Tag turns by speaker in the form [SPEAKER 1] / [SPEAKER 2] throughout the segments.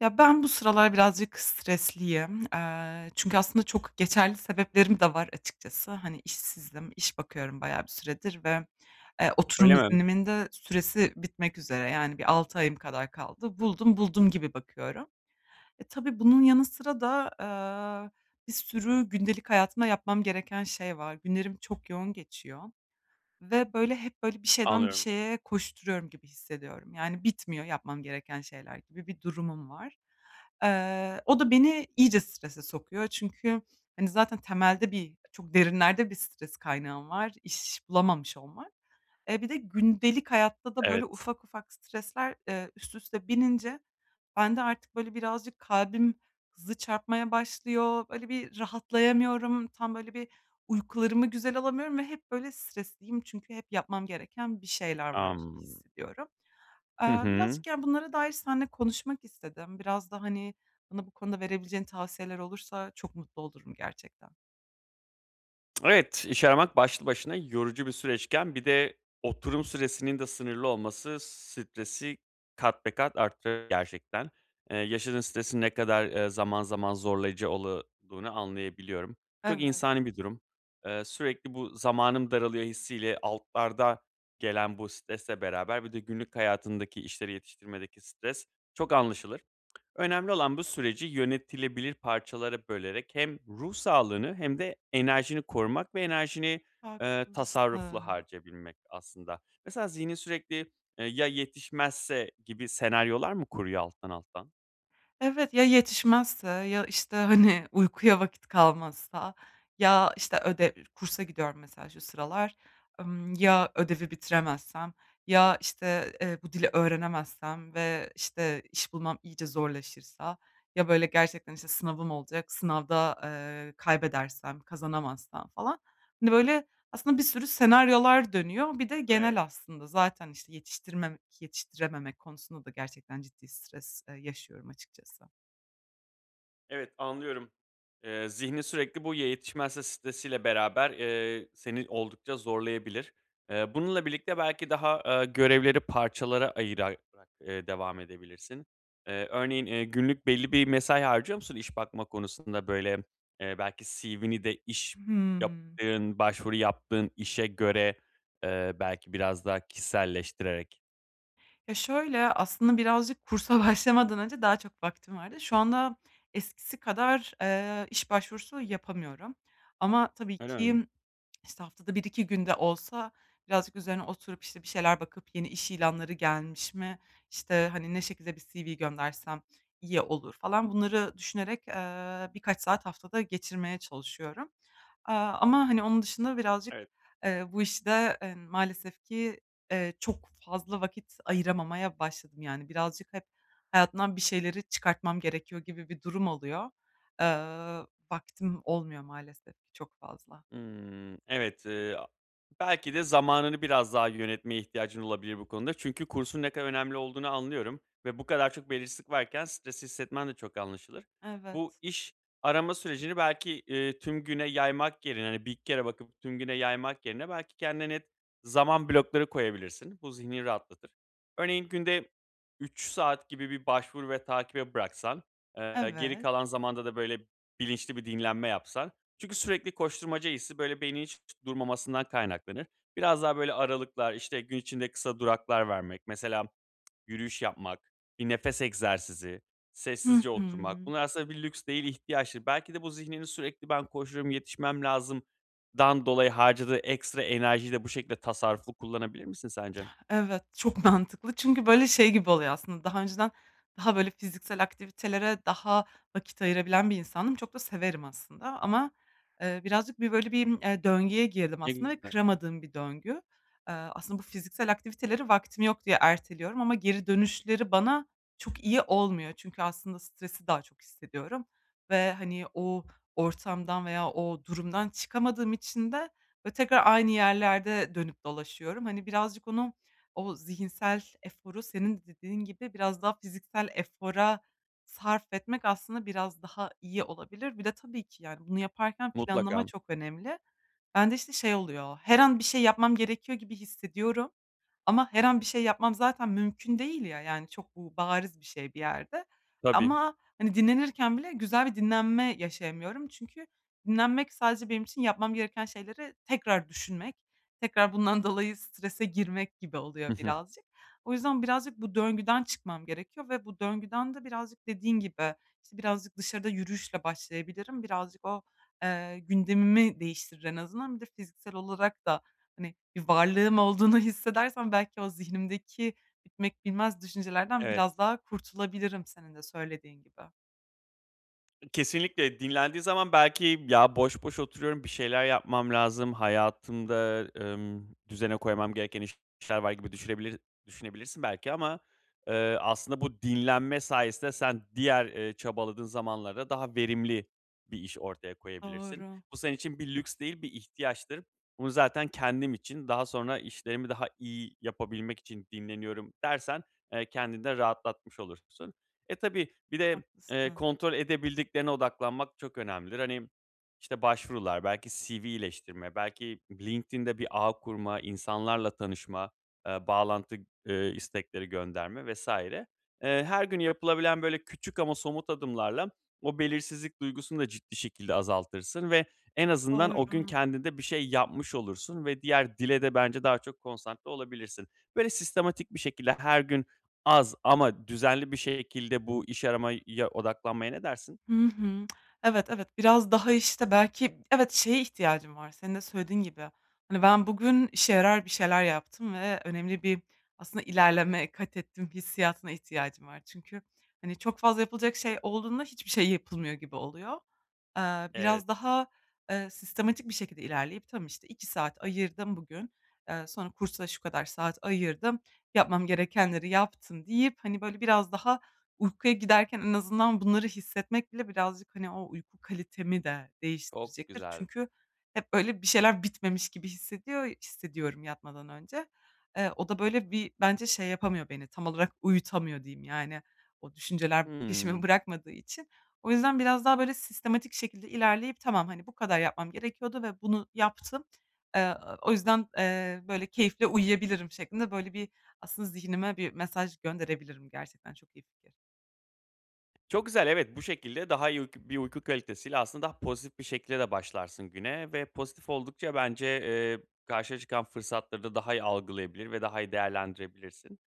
[SPEAKER 1] Ya, ben bu sıralar birazcık stresliyim. Eee, çünkü aslında çok geçerli sebeplerim de var açıkçası. Hani, işsizim, iş bakıyorum bayağı bir süredir ve, eee, oturum
[SPEAKER 2] Öyle mi?
[SPEAKER 1] iznimin de süresi bitmek üzere, yani bir 6 ayım kadar kaldı, buldum buldum gibi bakıyorum. Eee, tabii bunun yanı sıra da, ııı, bir sürü gündelik hayatımda yapmam gereken şey var. Günlerim çok yoğun geçiyor ve böyle, hep böyle bir şeyden bir
[SPEAKER 2] Anlıyorum.
[SPEAKER 1] şeye koşturuyorum gibi hissediyorum. Yani, bitmiyor yapmam gereken şeyler gibi bir durumum var. Eee, o da beni iyice strese sokuyor. Çünkü, hani, zaten temelde bir çok derinlerde bir stres kaynağım var: İş bulamamış olmak. Eee, bir de gündelik hayatta da böyle
[SPEAKER 2] Evet.
[SPEAKER 1] ufak ufak stresler, ııı, üst üste binince bende artık böyle, birazcık kalbim hızlı çarpmaya başlıyor. Böyle bir rahatlayamıyorum, tam, böyle bir, uykularımı güzel alamıyorum ve hep, böyle, stresliyim çünkü hep yapmam gereken bir şeyler var gibi
[SPEAKER 2] Am
[SPEAKER 1] hissediyorum.
[SPEAKER 2] Hı
[SPEAKER 1] Iıı,
[SPEAKER 2] hı.
[SPEAKER 1] birazcık, yani, bunlara dair seninle konuşmak istedim. Biraz da, hani, bana bu konuda verebileceğin tavsiyeler olursa çok mutlu olurum gerçekten.
[SPEAKER 2] Evet, iş aramak başlı başına yorucu bir süreçken bir de oturum süresinin de sınırlı olması, stresi kat be kat arttırır gerçekten. Eee, yaşadığın stresin ne kadar, eee, zaman zaman zorlayıcı ola duğunu anlayabiliyorum. Çok
[SPEAKER 1] Evet.
[SPEAKER 2] insani bir durum. Eee, sürekli bu "Zamanım daralıyor." hissi ile altlarda gelen bu stresle beraber bir de günlük hayatındaki işleri yetiştirmedeki stres çok anlaşılır. Önemli olan bu süreci yönetilebilir parçalara bölerek hem ruh sağlığını hem de enerjini korumak ve enerjini, ııı, tasarruflu
[SPEAKER 1] Haklısın.
[SPEAKER 2] harcayabilmek aslında. Mesela zihnin sürekli, ııı "Ya yetişmezse?" gibi senaryolar mı kuruyor alttan alttan?
[SPEAKER 1] Evet, ya yetişmezse, ya işte, hani, uykuya vakit kalmazsa, ya işte ödev ı kursa gidiyorum mesela şu sıralar. Imm, ya ödevi bitiremezsem? Ya işte, ııı, bu dili öğrenemezsem ve işte iş bulmam iyice zorlaşırsa? Ya böyle gerçekten işte sınavım olacak, sınavda, ııı, kaybedersem, kazanamazsam falan. Hani, böyle aslında bir sürü senaryolar dönüyor. Bir de
[SPEAKER 2] Evet.
[SPEAKER 1] genel aslında zaten işte yetiştirmem yetiştirememek konusunda da gerçekten ciddi stres, ııı, yaşıyorum açıkçası.
[SPEAKER 2] Evet, anlıyorum, eee, zihnin sürekli, bu ya yetişmezse, stresi ile beraber, eee, seni oldukça zorlayabilir. Eee, bununla birlikte belki daha, ııı, görevleri parçalara ayırarak, ııı, devam edebilirsin. Eee, örneğin, eee, günlük belli bir mesai harcıyor musun? İş bakma konusunda böyle, eee, belki CV'ni de iş
[SPEAKER 1] Hımm.
[SPEAKER 2] yaptığın, başvuru yaptığın işe göre, ııı, belki biraz daha kişiselleştirerek.
[SPEAKER 1] Ya şöyle, aslında birazcık kursa başlamadan önce daha çok vaktim vardı. Şu anda eskisi kadar, ııı, iş başvurusu yapamıyorum. Ama tabii
[SPEAKER 2] Öyle mi?
[SPEAKER 1] ki, sı haftada 1-2 gün de olsa birazcık üzerine biraz oturup bir şeyler bakıp yeni iş ilanları gelmiş mi, işte, hani, ne şekilde bir CV göndersem iyi olur falan bunları düşünerek, ııı, birkaç saat haftada geçirmeye çalışıyorum. Aaa, ama, hani, onun dışında birazcık,
[SPEAKER 2] Evet.
[SPEAKER 1] ııı, bu işte, ııı, maalesef ki, ııı, çok fazla vakit ayıramamaya başladım yani. Birazcık hep hayatından bir şeyleri çıkartmam gerekiyor gibi bir durum oluyor. Iıı, vaktim olmuyor maalesef ki çok fazla.
[SPEAKER 2] Imm. Evet, ııı, a belki de zamanını biraz daha yönetmeye ihtiyacın olabilir bu konuda. Çünkü kursun ne kadar önemli olduğunu anlıyorum ve bu kadar çok belirsizlik varken stresli hissetmen de çok anlaşılır.
[SPEAKER 1] Evet.
[SPEAKER 2] Bu iş arama sürecini belki, eee, tüm güne yaymak yerine, hani, 1-2 kere bakıp tüm güne yaymak yerine belki kendine net zaman blokları koyabilirsin. Bu zihnini rahatlatır. Örneğin günde 3 saat gibi bir başvuru ve takibe bıraksan, eee, geri
[SPEAKER 1] Evet.
[SPEAKER 2] kalan zamanda da böyle bilinçli bir dinlenme yapsan Çünkü sürekli koşturmaca hissi böyle beynin hiç durmamasından kaynaklanır. Biraz daha böyle aralıklar, işte gün içinde kısa duraklar vermek, mesela yürüyüş yapmak, bir nefes egzersizi,
[SPEAKER 1] Hı
[SPEAKER 2] sessizce oturmak,
[SPEAKER 1] hı.
[SPEAKER 2] bunlar aslında bir lüks değil, ihtiyaçtır. Belki de bu zihnini sürekli ben koşuyorum, yetişmem lazımdan dolayı harcadığı ekstra enerjiyi de bu şekilde tasarruflu kullanabilir misin sence?
[SPEAKER 1] Evet, çok mantıklı çünkü böyle şey gibi oluyor, aslında daha önceden daha böyle fiziksel aktivitelere daha vakit ayırabilen bir insandım, çok da severim aslında. Ama, ııı, birazcık bir böyle bir, ııı, döngüye girdim
[SPEAKER 2] Ne
[SPEAKER 1] aslında ve
[SPEAKER 2] güzel.
[SPEAKER 1] kıramadığım bir döngü. Iıı, aslında bu fiziksel aktiviteleri vaktim yok diye erteliyorum ama geri dönüşleri bana çok iyi olmuyor. Çünkü aslında stresi daha çok hissediyorum ve, hani, o ortamdan veya o durumdan çıkamadığım için de böyle tekrar aynı yerlerde dönüp dolaşıyorum. Hani, birazcık onu, o zihinsel eforu senin de dediğin gibi biraz daha fiziksel efora sarf etmek aslında biraz daha iyi olabilir. Bir de tabii ki, yani, bunu yaparken planlama
[SPEAKER 2] Mutlaka.
[SPEAKER 1] çok önemli. Ben de işte şey oluyor, her an bir şey yapmam gerekiyor gibi hissediyorum. Ama her an bir şey yapmam zaten mümkün değil ya. Yani, çok bu bariz bir şey bir yerde.
[SPEAKER 2] Tabii.
[SPEAKER 1] Ama, hani, dinlenirken bile güzel bir dinlenme yaşayamıyorum. Çünkü dinlenmek sadece benim için yapmam gereken şeyleri tekrar düşünmek, tekrar bundan dolayı strese girmek gibi oluyor
[SPEAKER 2] I hı.
[SPEAKER 1] birazcık. O yüzden, birazcık bu döngüden çıkmam gerekiyor ve bu döngüden de birazcık dediğin gibi işte birazcık dışarıda yürüyüşle başlayabilirim. Birazcık o, eee, gündemimi değiştirir en azından. Bir de fiziksel olarak da, hani, bir varlığım olduğunu hissedersem belki o zihnimdeki bitmek bilmez düşüncelerden
[SPEAKER 2] Evet.
[SPEAKER 1] biraz daha kurtulabilirim senin de söylediğin gibi.
[SPEAKER 2] Kesinlikle dinlendiğin zaman belki, "Ya boş boş oturuyorum, bir şeyler yapmam lazım, hayatımda, emm, düzene koymam gereken işler var," gibi düşünebilir, düşünebilirsin belki ama, eee, aslında bu dinlenme sayesinde sen diğer, eee, çabaladığın zamanlarda daha verimli bir iş ortaya koyabilirsin.
[SPEAKER 1] Doğru.
[SPEAKER 2] Bu senin için bir lüks değil, bir ihtiyaçtır. "Bunu zaten kendim için, daha sonra işlerimi daha iyi yapabilmek için dinleniyorum," dersen, eee, kendini de rahatlatmış olursun. Eee, tabii bir de, eee,
[SPEAKER 1] Haklısın.
[SPEAKER 2] kontrol edebildiklerine odaklanmak çok önemlidir. Hani, işte, başvurular, belki CV iyileştirme, belki LinkedIn'de bir ağ kurma, insanlarla tanışma, eee, bağlantı, eee, istekleri gönderme vs. Eee, her gün yapılabilen, böyle, küçük ama somut adımlarla, o belirsizlik duygusunu da ciddi şekilde azaltırsın ve en azından o gün
[SPEAKER 1] Doğru.
[SPEAKER 2] kendinde bir şey yapmış olursun ve diğer dile de bence daha çok konsantre olabilirsin. Böyle sistematik bir şekilde her gün az ama düzenli bir şekilde bu iş aramaya odaklanmaya ne dersin?
[SPEAKER 1] Hı hı. Evet, evet, biraz daha, işte, belki, evet, şeye ihtiyacım var, senin de söylediğin gibi. Hani, "Ben bugün işe yarar bir şeyler yaptım ve önemli bir, aslında, ilerleme katettim," hissiyatına ihtiyacım var. Çünkü hani, çok fazla yapılacak şey olduğunda hiçbir şey yapılmıyor gibi oluyor. Eee,
[SPEAKER 2] Evet.
[SPEAKER 1] biraz daha, eee, sistematik bir şekilde ilerleyip, "Tamam, işte, 2 saat ayırdım bugün, eee, sonra kursa şu kadar saat ayırdım, yapmam gerekenleri yaptım," deyip hani, böyle biraz daha uykuya giderken en azından bunları hissetmek bile birazcık, hani, o uyku kalitemi de
[SPEAKER 2] Çok
[SPEAKER 1] değiştirecektir.
[SPEAKER 2] güzel.
[SPEAKER 1] Çünkü hep böyle bir şeyler bitmemiş gibi hissediyor hissediyorum yatmadan önce. Eee, o da böyle bir bence şey yapamıyor beni, tam olarak uyutamıyor diyeyim, yani; o düşünceler
[SPEAKER 2] Hıı.
[SPEAKER 1] peşimi bırakmadığı için. O yüzden biraz daha sistematik şekilde ilerleyip, "Tamam, hani, bu kadar yapmam gerekiyordu ve bunu yaptım, eee, o yüzden, eee, böyle keyifle uyuyabilirim," şeklinde böyle bir, aslında, zihnime bir mesaj gönderebilirim. Gerçekten çok iyi fikir.
[SPEAKER 2] Çok güzel, evet. Bu şekilde daha iyi uyk bir uyku kalitesiyle aslında pozitif bir şekilde başlarsın güne ve pozitif oldukça bence, eee, karşına çıkan fırsatları da daha iyi algılayabilir ve daha iyi değerlendirebilirsin.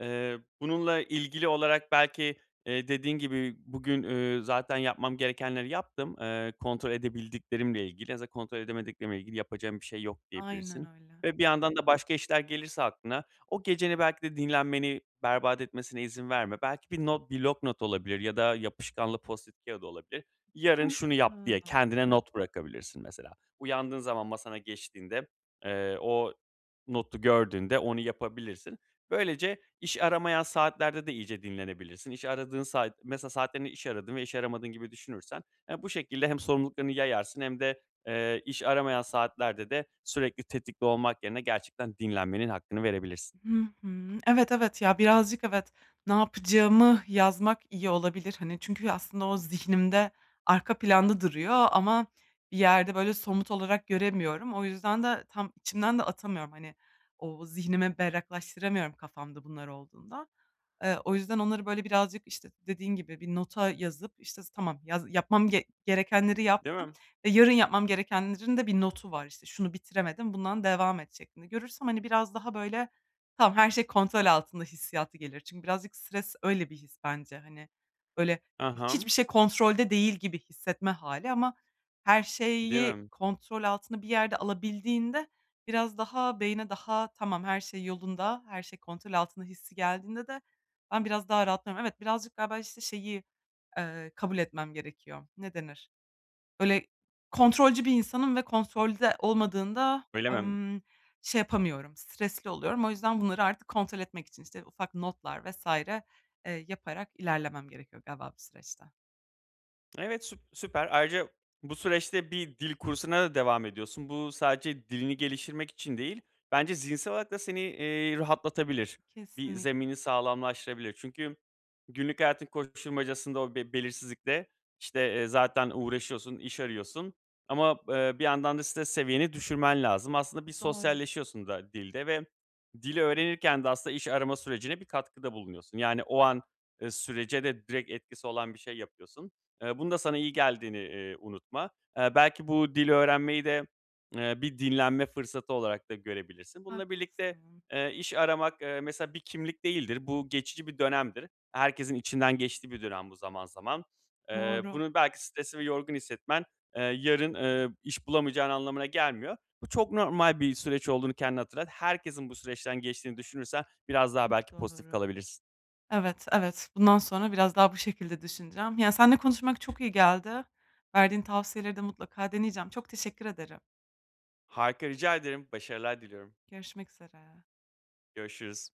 [SPEAKER 2] Eee, bununla ilgili olarak belki, eee, dediğin gibi, "Bugün, ııı, zaten yapmam gerekenleri yaptım. Eee, kontrol edebildiklerimle ilgili zaten kontrol edemediklerimle ilgili yapacağım bir şey yok."
[SPEAKER 1] Aynen
[SPEAKER 2] diyebilirsin.
[SPEAKER 1] öyle.
[SPEAKER 2] Ve bir yandan da başka işler gelirse aklına, o geceni, belki de dinlenmeni berbat etmesine izin verme. Belki bir not, blok not olabilir ya da yapışkanlı Post-it kâğıdı olabilir. "Yarın şunu yap!"
[SPEAKER 1] Mantıklı.
[SPEAKER 2] diye kendine not bırakabilirsin mesela. Uyandığın zaman masana geçtiğinde, eee, o notu gördüğünde onu yapabilirsin. Böylece iş aramayan saatlerde de iyice dinlenebilirsin. İş aradığın saat mesela saatlerini iş aradığın ve iş aramadığın gibi düşünürsen, eee, bu şekilde hem sorumluluklarını yayarsın hem de, eee, iş aramayan saatlerde de sürekli tetikte olmak yerine gerçekten dinlenmenin hakkını verebilirsin.
[SPEAKER 1] Hı hı. Evet, evet. Ya, birazcık evet. Ne yapacağımı yazmak, iyi olabilir, hani çünkü aslında o zihnimde arka planda duruyor ama bir yerde böyle somut olarak göremiyorum. O yüzden de tam içimden de atamıyorum, hani, o zihnime berraklaştıramıyorum kafamda bunlar olduğunda. Eee, o yüzden, onları, böyle, birazcık, işte, dediğin gibi bir nota yazıp işte, s tamam. Yaz yapmam ge gerekenleri
[SPEAKER 2] Değil
[SPEAKER 1] yaptım
[SPEAKER 2] mi?
[SPEAKER 1] ve yarın yapmam gerekenlerin de bir notu var, işte, şunu bitiremedim, bundan devam et şeklinde görürsem hani, biraz daha, böyle, "Tamam, her şey kontrol altında." hissiyatı gelir. Çünkü birazcık stres öyle bir his bence hani. Böyle, hiç hiçbir
[SPEAKER 2] Aham.
[SPEAKER 1] şey kontrolde değil gibi hissetme hâli ama her
[SPEAKER 2] Değil
[SPEAKER 1] şeyi
[SPEAKER 2] mi?
[SPEAKER 1] kontrol altına bir yerde alabildiğinde, biraz daha beyne daha, "Tamam, her şey yolunda. Her şey kontrol altında." hissi geldiğinde de ben biraz daha rahatlıyorum. Evet, birazcık galiba, işte, şeyi, ııı, kabul etmem gerekiyor. Ne denir? Böyle, kontrolcü bir insanım ve kontrolde olmadığında,
[SPEAKER 2] Öyle mi?
[SPEAKER 1] ımm, şey yapamıyorum, stresli oluyorum. O yüzden, bunları artık kontrol etmek için, işte, ufak notlar vs. eee, yaparak ilerlemem gerekiyor, galiba bu süreçte.
[SPEAKER 2] Evet, süp süper, ayrıca bu süreçte bir dil kursuna da devam ediyorsun. Bu sadece dilini geliştirmek için değil, bence zihinsel olarak da seni, eee, rahatlatabilir, bir
[SPEAKER 1] Kesinlikle.
[SPEAKER 2] zemini sağlamlaştırabilir. Çünkü günlük hayatın koşuşturmacasında o be belirsizlikte, işte, eee, zaten uğraşıyorsun, iş arıyorsun ama, eee, bir yandan da stres seviyeni düşürmen lazım. Aslında bir
[SPEAKER 1] Doğru.
[SPEAKER 2] sosyalleşiyorsun da dilde ve dil öğrenirken de aslında iş arama sürecine bir katkıda bulunuyorsun, yani, o an, eee, sürece de direkt etkisi olan bir şey yapıyorsun. Eee, bunun da sana iyi geldiğini, eee, unutma. Eee, belki bu dil öğrenmeyi de, eee, bir dinlenme fırsatı olarak da görebilirsin. Bununla birlikte,
[SPEAKER 1] Haklısın.
[SPEAKER 2] eee, iş aramak, eee, mesela bir kimlik değildir. Bu geçici bir dönemdir. Herkesin içinden geçtiği bir dönem bu zaman zaman. Eee,
[SPEAKER 1] Doğru.
[SPEAKER 2] bunu belki stresli ve yorgun hissetmen, eee, yarın, eee, iş bulamayacağın anlamına gelmiyor. Bu çok normal bir süreç olduğunu kendine hatırlat. Herkesin bu süreçten geçtiğini düşünürsen biraz daha
[SPEAKER 1] Çok
[SPEAKER 2] belki pozitif
[SPEAKER 1] doğru.
[SPEAKER 2] kalabilirsin.
[SPEAKER 1] Evet, evet. Bundan sonra biraz daha bu şekilde düşüneceğim. Ya, senle konuşmak çok iyi geldi. Verdiğin tavsiyeleri de mutlaka deneyeceğim. Çok teşekkür ederim.
[SPEAKER 2] Harika, rica ederim, başarılar diliyorum.
[SPEAKER 1] Görüşmek üzere.
[SPEAKER 2] Görüşürüz.